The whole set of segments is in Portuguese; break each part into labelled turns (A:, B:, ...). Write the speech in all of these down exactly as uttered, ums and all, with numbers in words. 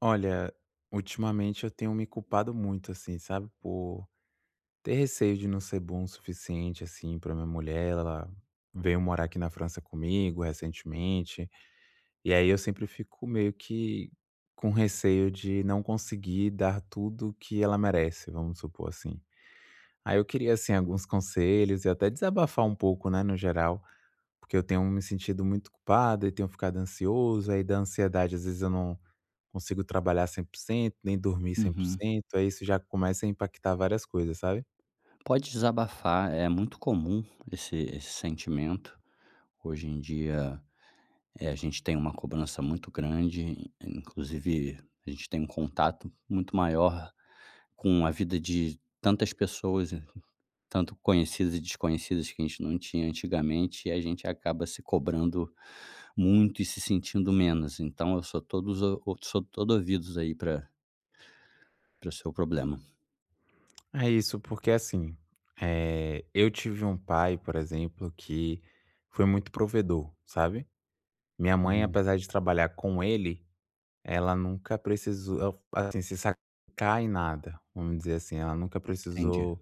A: Olha, ultimamente eu tenho me culpado muito, assim, sabe, por ter receio de não ser bom o suficiente, assim, pra minha mulher, ela veio morar aqui na França comigo, recentemente, e aí eu sempre fico meio que com receio de não conseguir dar tudo o que ela merece vamos supor assim. Aí eu queria assim, alguns conselhos e até desabafar um pouco, né, no geral, porque eu tenho me sentido muito ocupado e tenho ficado ansioso aí da ansiedade, às vezes, eu não consigo trabalhar cem por cento, nem dormir cem por
B: Uhum.
A: cento aí isso já começa a impactar várias coisas, sabe?
B: Pode desabafar, é muito comum esse esse sentimento, hoje em dia, eh, a gente tem uma cobrança muito grande, in inclusive a gente tem um contato muito maior com a vida de tantas pessoas e co tanto conhecidas e desconhecidas que a gente não tinha antigamente, e a gente acaba se cobrando muito e se sentindo menos, então eu sou todos o sou todo ouvidos aí pra para o seu problema.
A: É isso, porque assim, eh, eu tive um pai, por exemplo, que foi muito provedor, sabe. Minha mãe,
B: Uhum.
A: apesar de trabalhar com ele, ela nunca precisou al assim, se [unintelligible] em nada, vamos dizer assim. Ela nunca
B: Entendi.
A: precisou,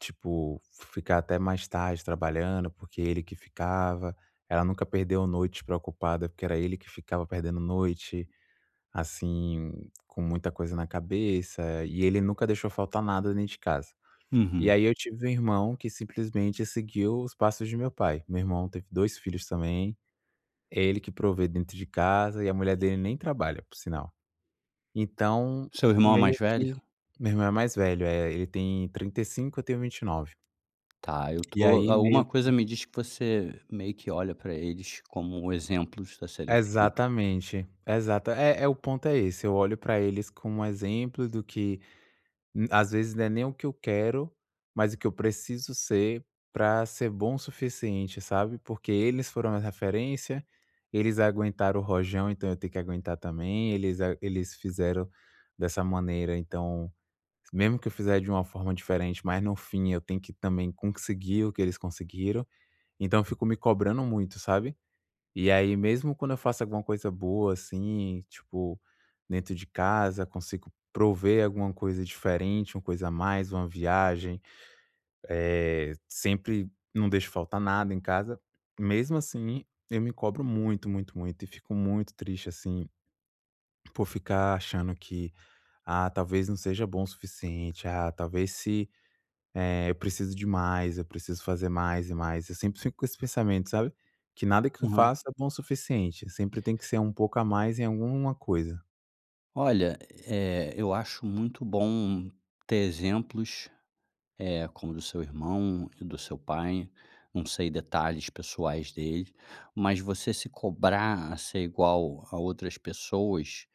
A: tipo, ficar até mais tarde trabalhando, porque ele que ficava. Ela nunca perdeu noite preocupada, porque era ele que ficava perdendo noite, assim, com muita coisa na cabeça. E ele nunca deixou faltar nada dentro de casa. E
B: Uhum.
A: aí eu tive um irmão que simplesmente seguiu os passos de meu pai. Meu irmão teve dois filhos também. É ele que provê dentro de casa, e a mulher dele nem trabalha, por sinal. Então,
B: Seu irmão é mais
A: meio
B: velho?
A: que meu irmão é mais velho, é. Ele tem trinta e cinco, eu tenho vinte e nove.
B: Tá, eu
A: E
B: estou
A: aí
B: alguma
A: meio
B: coisa
A: que
B: me diz que você meio que olha para eles como exemplos a serem seguidos.
A: Exatamente. Exata é é o ponto é esse, eu olho para eles como exemplos do que m às vezes não é nem o que eu quero, mas o que eu preciso ser para ser bom o suficiente, sabe, porque eles foram uma referência. Eles aguentaram o rojão, então eu tenho que aguentar também. Eles a eles fizeram dessa maneira, então, memo que eu fizer de uma forma diferente, mas no fim eu tenho que também conseguir o que eles conseguiram. Então eu fico me cobrando muito, sabe. E aí, mesmo quando eu faço alguma coisa boa, assim, tipo, dentro de casa, consigo prover alguma coisa diferente, uma coisa a mais, uma viagem, eh, sempre não deixo faltar nada em casa. Mesmo assim, eu me cobro muito, muito, muito, e fico muito triste, assim, por ficar achando que: "Ah, talvez não seja bom o suficiente. Ah, talvez se eh, eu preciso de mais. Eu preciso fazer mais e mais". Eu sempre fico com esse pensamento, sabe. Que nada que eu
B: Aham.
A: faça é bom o suficiente, sempre tem que ser um pouco a mais em alguma coisa.
B: Olha, eh, eu acho muito bom ter exemplos, eh, como do seu irmão e do seu pai. Não sei detalhes pessoais deles, mas você se cobrar a ser igual a outras pessoas,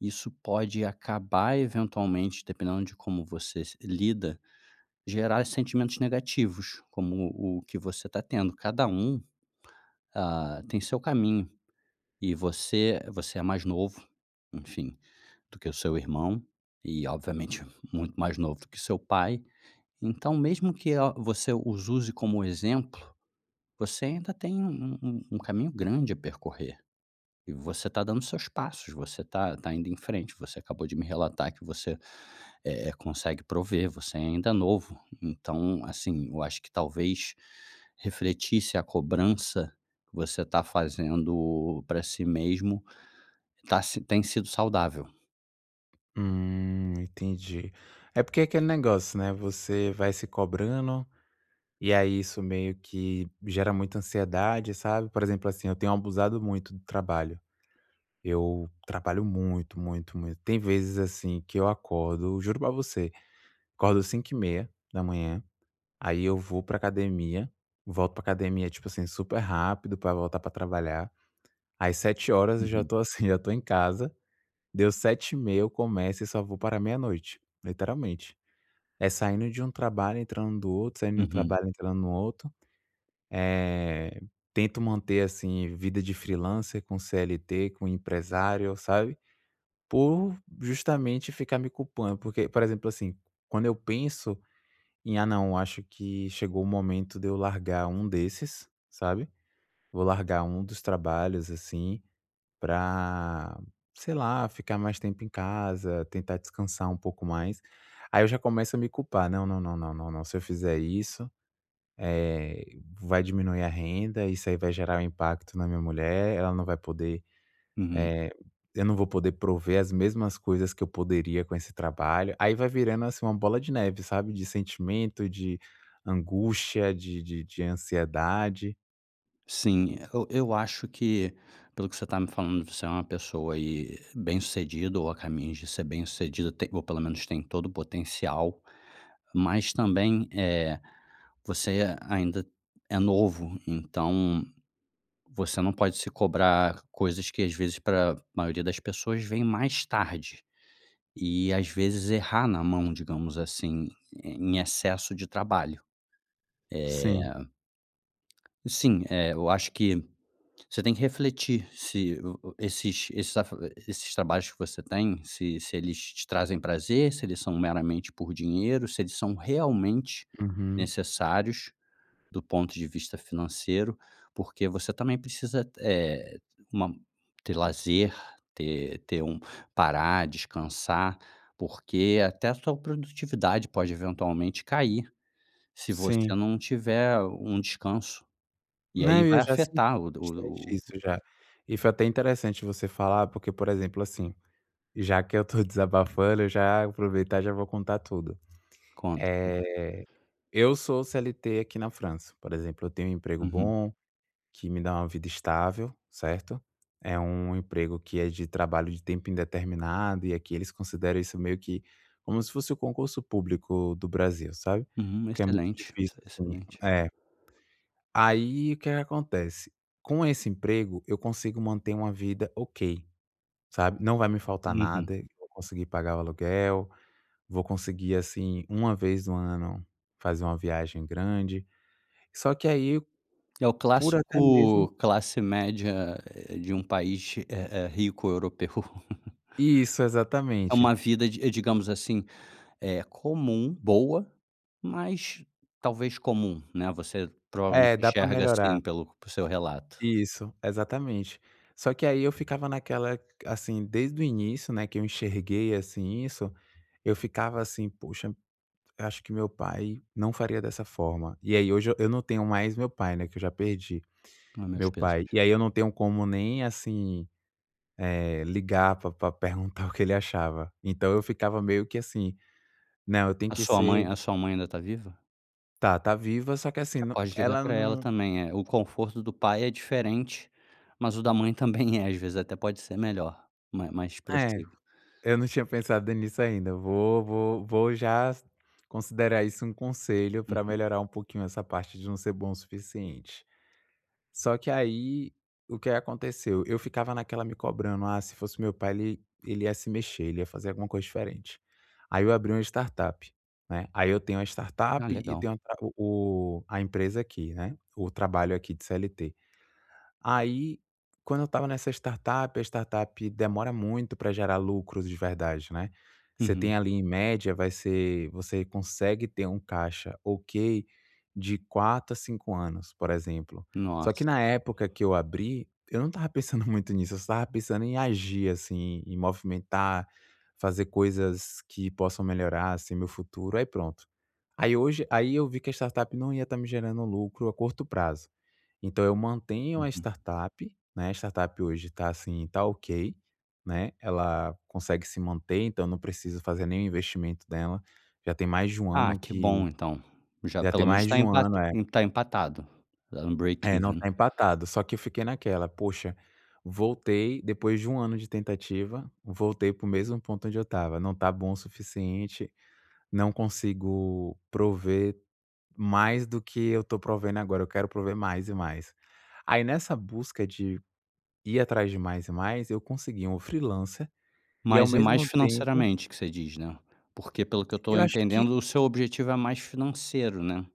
B: isso pode acabar eventualmente, dependendo de como você se, lida, gerar sentimentos negativos, como o que você está tendo. Cada um, ah, tem seu caminho, e você você é mais novo, enfim, do que o seu irmão e obviamente muito mais novo do que o seu pai. Então, mesmo que a, você os use como exemplo, você ainda tem um um um um caminho grande a percorrer, e você está dando os seus passos, você tá tá indo em frente. Você acabou de me relatar que você, eh, consegue prover, você ainda é novo. Então, assim, eu acho que talvez refletisse a cobrança que você está fazendo para si mesmo, está se tem sido saudável.
A: Hum, entendi. É porque aquele negócio, né, você vai se cobrando, e aí isso meio que gera muita ansiedade, sabe. Por exemplo, assim, eu tenho abusado muito do trabalho. Eu trabalho muito, muito, muito. Tem vezes, assim, que eu acordo, juro pra você, acordo cinco e meia da manhã, aí eu vou pra academia. Volto para academia, tipo assim, super rápido, pra voltar pra trabalhar. Aí sete, eu já
B: Uhum.
A: estou assim, já estou em casa. Deu sete e meia, eu começo e só vou parar meia-noite, literalmente. É saindo de um trabalho, entrando do outro, saindo de um
B: Uhum.
A: trabalho, entrando no oto. Eh, tento manter, assim, vida de freelancer, com CLT, com empresário, sabe. Por justamente ficar me culpando, porque por exemplo, assim, quando eu penso em: "Ah, não, eu acho que chegou o momento de eu largar um desses, sabe. Vou largar um dos trabalhos, assim, pra, sei lá, ficar mais tempo em casa, tentar descansar um pouco mais". Aí eu já começo a me culpar: "Não, não, não, não, se eu fizer isso, eh, vai diminuir a renda. Isso aí vai gerar um impacto na minha mulher. Ela não vai poder,
B: Uhum.
A: eh eu não vou poder prover as mesmas coisas que eu poderia com esse trabalho". Aí vai virando, assim, uma bola de neve, sabe, de sentimento, de angústia, de de de ansiedade.
B: Sim, e eu eu acho que, pelo que você tá me falando, você é uma pessoa e bem-sucedido ou a caminhos de ser bem-sucedido, ou pelo menos tem todo o potencial, mas também, eh, você a ainda é novo, então você não pode se cobrar coisas que às vezes pra maioria das pessoas vem mais tarde e, às vezes, errar na mão, digamos assim, em excesso de trabalho, eh
A: Sim.
B: Sim, é. Eu acho que você tem que refletir se o o esses esses afa esses trabalhos que você tem, se se eles te trazem prazer, se eles são meramente por dinheiro, se eles são realmente
A: Uhum.
B: necessários do ponto de vista financeiro. Porque você também precisa t eh, uma ter lazer, ter ter um parar, descansar, porque até a sua produtividade pode eventualmente cair se você
A: Sim.
B: não tiver um descanso. E aí
A: Né, e eu
B: vai
A: já senti
B: afetar o do
A: bastante
B: o o
A: isso já e foi até interessante você falar, porque, por exemplo, assim, já que eu tô desabafando, eu já aproveitar e já vou contar tudo.
B: Conta, conta.
A: Eh, eu sou o CLT, aqui na França, por exemplo, eu tenho um emprego
B: Uhum.
A: bom, que me dá uma vida estável, certo, é um emprego que é de trabalho de tempo indeterminado. E aqui eles consideram isso meio que como se fosse o concurso público do Brasil, sabe,
B: Uhum,
A: que é muito
B: excelente, exce
A: difícil assim
B: excelente.
A: é. Aí o que que acontece com esse emprego, eu consigo manter uma vida ok, sabe, não vai me faltar
B: Uhum.
A: nada. Vou conseguir pagar o aluguel, vou conseguir, assim, uma vez no ano, fazer uma viagem grande. Só que aí
B: É o
A: por até mesmo
B: clássico classe média, eh, de um país eh eh rico europeu.
A: Isso
B: É
A: exatamente.
B: uma vida de digamos assim, é comum, boa, mas talvez comum, né. Você provavelmente
A: É, dá para
B: enxerga
A: melhorar.
B: assim pelo por seu relato.
A: Isso, exatamente. Só que aí eu ficava naquela assim desde o início, né, que eu enxerguei, assim, isso eu ficava assim, poxa, "Acho que meu pai não faria dessa forma". E aí hoje eu não tenho mais meu pai, né, que eu já perdi
B: A meus
A: meu pai,
B: pêsames.
A: e aí eu não tenho como nem assim, eh, ligar pra pra perguntar o que ele achava. Então, eu ficava meio que assim, né, eu tenho
B: A
A: que
B: sua mãe
A: ser
B: a sua mãe ainda tá viva?
A: Tá, tá viva. Só que assim
B: Pode ligar
A: ela
B: para ela
A: não
B: também é o conforto do pai é diferente, mas o da mãe também é. Às vezes até pode ser melhor, ma mais
A: É,
B: possível.
A: eu não tinha pensado nisso ainda. Vou vou vou já considerar isso um conselho para
B: Uhum.
A: melhorar um pouquinho essa parte de não ser bom o suficiente. Só que aí o que aconteceu, eu ficava naquela me cobrando: “Ah, se fosse o meu pai, ele ele ia se mexer, ele ia fazer alguma coisa diferente.”. Aí eu abri uma startup, né? Aí eu tenho uma
B: Ah,
A: startup e
B: legal.
A: tenho o tra o o a empresa aqui, né, o trabalho aqui de CLT. Aí, quando eu estava nessa startup, a startup demora muito para gerar lucros de verdade, né? Você
B: Uhum.
A: tem ali, em média, vai ser você consegue ter um caixa ok de quatro a cinco anos, por exemplo. Só que
B: Nossa.
A: na época que eu abri, eu não estava pensando muito nisso. Eu só estava pensando em agir, assim, em movimentar, fazer coisas que possam melhorar, assim, meu futuro, aí pronto. Aí hoje aí eu vi que a startup não ia estar me gerando lucro a curto prazo. Então, eu mantenho uma
B: Uhum.
A: startup, né? A startup hoje tá assim, tá ok, né? Ela consegue se manter, então não precisa fazer nenhum investimento dela. Já tem mais de um
B: Ah,
A: ano
B: que
A: que
B: bom, então já
A: já
B: pelo
A: tem
B: menos
A: mais
B: está
A: de um ano,
B: empata
A: é
B: está empatado, deram um break
A: É, não
B: even.
A: está empatado. Só que eu fiquei naquela: poxa, voltei depois de um ano de tentativa, voltei para o mesmo ponto onde eu estava, não tá bom o suficiente. Não consigo prover mais do que eu estou provendo agora, eu quero prover mais e mais. Aí nessa busca de ir atrás de mais e mais, eu consegui um freelancer e, ao
B: Mas é mais
A: mesmo tempo
B: financeiramente que você diz, né. Porque, pelo que eu estou
A: Eu acho que
B: entendendo, o seu objetivo é mais financeiro, né.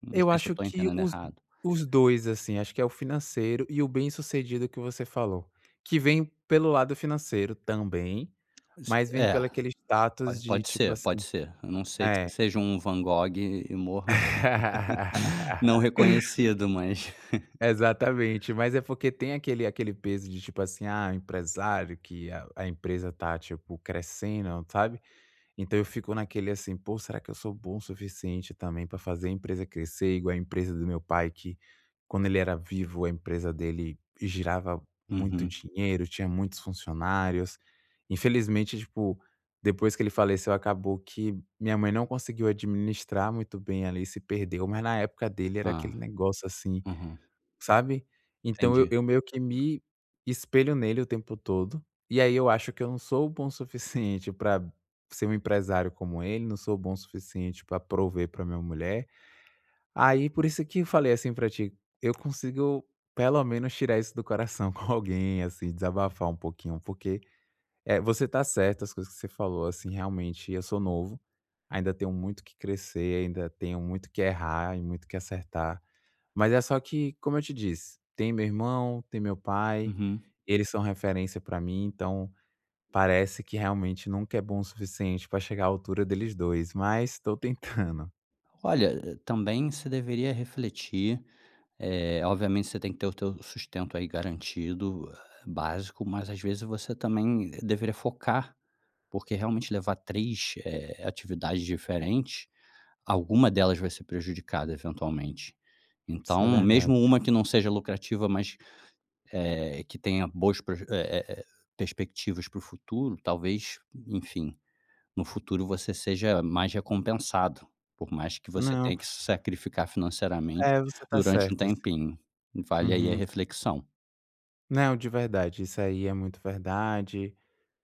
B: Não
A: Eu
B: sei se eu
A: acho
B: estou
A: que
B: entendendo
A: os
B: errado.
A: os dois assim, acho que é o financeiro e o bem-sucedido que você falou, que vem pelo lado financeiro também,
B: Se
A: mas vem
B: é
A: pelo aquele status
B: po
A: de
B: pode
A: tipo
B: ser, pode
A: assim
B: ser. Ah não ser que
A: é.
B: você seja um Van Gogh e morra. não reconhecido, mas.
A: Exatamente, mas é porque tem aquele aquele peso de tipo assim: “Ah, o empresário que a empresa está crescendo, sabe?”. Então eu fico naquele assim: pô, será que eu sou bom o suficiente também para fazer a empresa crescer igual a empresa do meu pai, que quando ele era vivo a empresa dele girava muito
B: Uhum.
A: dinheiro, tinha muitos funcionários? Infelizmente, tipo, depois que ele faleceu, acabou que minha mãe não conseguiu administrar muito bem, ela se perdeu, mas na época dele era
B: Ah.
A: aquele negócio assim,
B: Uhum.
A: sabe? Então
B: Entendi.
A: eu meio que me espelho nele o tempo todo. E aí eu acho que eu não sou bom o suficiente pra ser um empresário como ele, não sou bom o suficiente pra prover pra minha mulher. Aí, por isso que eu falei assim pra ti, eu consigo pelo menos tirar isso do coração com alguém, assim desabafar um pouquinho, porque, eh, você está certo as coisas que você falou, assim realmente eu sou novo, ainda tenho muito o que crescer, ainda tenho muito o que errar e muito o que acertar. Mas é só que, como eu te disse, tem meu irmão, tem meu pai.
B: Uhum.
A: Eles são referência para mim. Então parece que realmente nunca é bom o suficiente para chegar à altura deles dois, mas estou tentando.
B: Olha, também você deveria refletir, eh, obviamente você tem que ter o teu sustento aí garantido básico, mas às vezes você também deveria focar, porque realmente levar três, eh, atividades diferentes, alguma delas vai ser prejudicada eventualmente.
A: Isso é
B: Então, mesmo
A: verdade.
B: uma que não seja lucrativa, mas é que tenha boas pro eh, eh, perspectivas para o futuro, talvez, enfim, no futuro, você seja mais recompensado, por mais que você
A: Não.
B: tenha que se sacrificar financeiramente
A: É, você está
B: durante um
A: certo assim.
B: tempinho. Vale aí a
A: Uhum.
B: reflexão.
A: Não de verdade. Isso aí é muito verdade.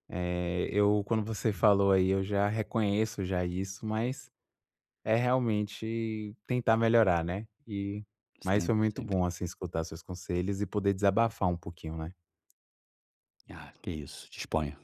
A: Eh eu quando você falou aí eu já reconheço já isso, mas é realmente tentar melhorar, né? E mas foi
B: Sempre,
A: muito
B: sempre.
A: bom assim escutar seus conselhos e poder desabafar um pouquinho, né?
B: Ah, que isso disponha.